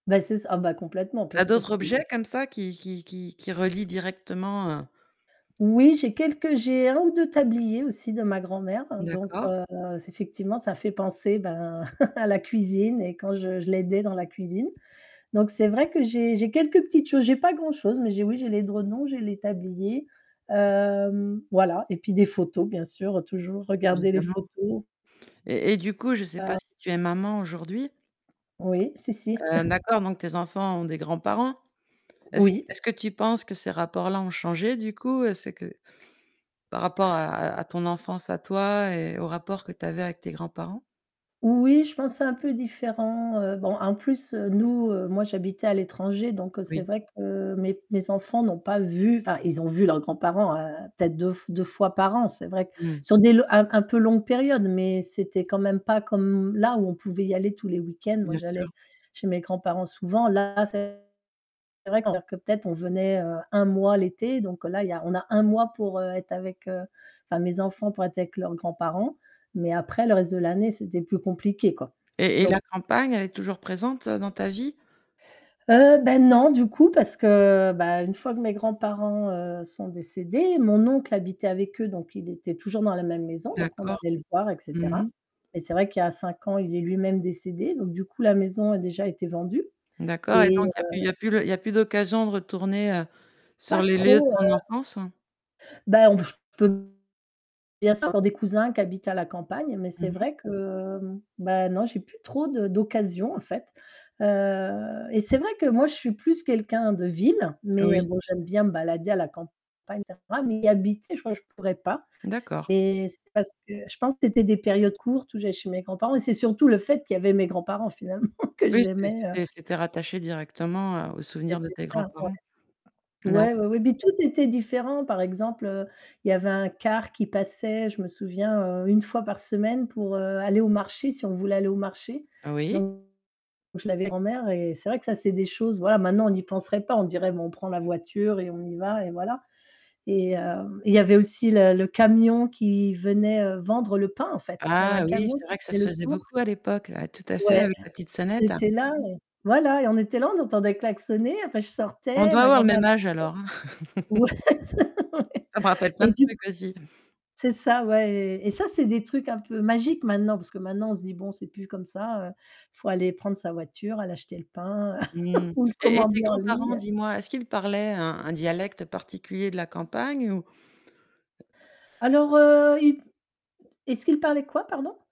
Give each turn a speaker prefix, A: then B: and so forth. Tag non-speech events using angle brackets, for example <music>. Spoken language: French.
A: Bah c'est ça ah bah complètement
B: Il y a
A: parce que
B: d'autres
A: c'est
B: objets comme ça qui qui qui qui relient directement, heu
A: Oui j'ai quelques, j'ai 1 ou 2 tabliers aussi de ma grand-mère donc
B: D'accord.
A: heu, effectivement ça fait penser bah <chuckles> à la cuisine et quand je je l'aidais dans la cuisine. Donc c'est vrai que j'ai j'ai quelques petites choses, j'ai pas grand-chose, mais j'ai oui j'ai les journaux, j'ai les tabliers, hem, voilà et puis des photos bien sûr toujours garder les
B: Évidemment
A: photos
B: et et du coup je sais pas
A: Heu
B: si tu es maman aujourd'hui.
A: Oui si, si.
B: Heu
A: <chuckles>
B: d'accord, donc tes enfants ont des grands-parents. Est-ce que
A: Oui.
B: est-ce que tu penses que ces rapports-là ont changé du coup? Est-ce que par rapport à à ton enfance à toi et heu, au rapport que tu avais avec tes grands-parents?
A: Oui, je pense c'est un peu différent, heu, bon en plus, heu, nous moi j'habitais à l'étranger donc c'est
B: Oui.
A: vrai que mes mes enfants n'ont pas vu, enfin ils ont vu leurs grands-parents peut-être deu deux fois par an, c'est vrai
B: Mmh.
A: sur des un un peu longue période, mais c'était quand même pas comme là où on pouvait y aller tous les week-ends, moi
B: Bien
A: j'allais
B: sûr.
A: chez mes grands-parents souvent là c'est vrai que peut-être on venait un mois l'été donc là il y a on a un mois pour être avec, heu, enfin mes enfants pour être avec leurs grands-parents, mais après le reste de l'année c'était plus compliqué quoi.
B: Et et la
A: Donc
B: campagne elle est toujours présente dans ta vie?
A: Heu, bah non du coup parce que, heu, une fois que mes grands-parents, heu, sont décédés, mon oncle habitait avec eux donc il était toujours dans la même maison donc on
B: D'accord.
A: allait le voir et
B: Mmh mh.
A: cetera et c'est vrai qu'il y a 5 ans il est lui-même décédé donc du coup la maison a déjà été vendue
B: D'accord et
A: et heu
B: donc il y a plus il y a plus d'occasion de retourner
A: Pas
B: sur les lieux de
A: trop, heu
B: ton enfance?
A: Bah <unintelligible> bien sûr encore des cousins qui habitent à la campagne, mais
B: Mmh
A: c'est
B: mh.
A: vrai que, heu, bah non j'ai plus trop de d'occasions en fait, heu et c'est vrai que moi je suis plus quelqu'un de ville, mais
B: Oui.
A: bon j'aime bien me balader à la campag <unintelligible> mais y habiter, je crois que je pourrais pas
B: D'accord.
A: mais c'est parce que je pense que c'était des périodes courtes où j'allais chez mes grands-parents et c'est surtout le fait qu'il y avait mes grands-parents finalement que
B: Oui c'é
A: j'aimais, heu
B: c'était c'était rattaché directement aux souvenirs de
A: C'était
B: tes
A: simple ouais. ouais.
B: grands-parents. D'acc
A: Ouais, ouais, ouais mais tout était différent par exemple, heu, il y avait un car qui passait, je me souviens, heu, 1 fois par semaine pour, heu, aller au marché si on voulait aller au marché
B: Oui.
A: donc je l'avais grand-mère et c'est vrai que ça c'est des choses voilà maintenant on n'y penserait pas on dirait: «Bon on prend la voiture et on y va et voilà». Et hem, il y avait aussi le le camion qui venait vendre le pain en fait, il y avait un
B: Ah oui,
A: camion
B: c'est
A: qui
B: vrai que ça
A: faisait
B: se
A: le
B: faisait
A: tour
B: beaucoup à l'époque, ah, tout à fait
A: ouais,
B: avec la petite
A: il
B: sonnette.
A: était là ouais. Voilà et on était là, on entendait klaxonner, enfin je
B: On
A: sortais,
B: doit
A: ma
B: avoir le
A: grand-mère,
B: même
A: <unintelligible>
B: âge alors.
A: ouais,
B: <chuckles>
A: ouais <laughs>
B: Ça me rappelle plein
A: et
B: de
A: du coup
B: trucs aussi. <chuckles>
A: c'est ça ouais, et ça c'est des trucs un peu magiques maintenant, parce que maintenant on se dit: «Bon, c'est plus comme ça, faut aller prendre sa voiture, aller acheter le pain
B: Mmh,
A: <chuckles> ou le
B: et et tes
A: commander en
B: grands-parents,
A: ligne».
B: dis-moi, est-ce qu'ils parlaient un un dialecte particulier de la campagne ou
A: Alors heu, il est-ce qu'il parlait quoi pardon?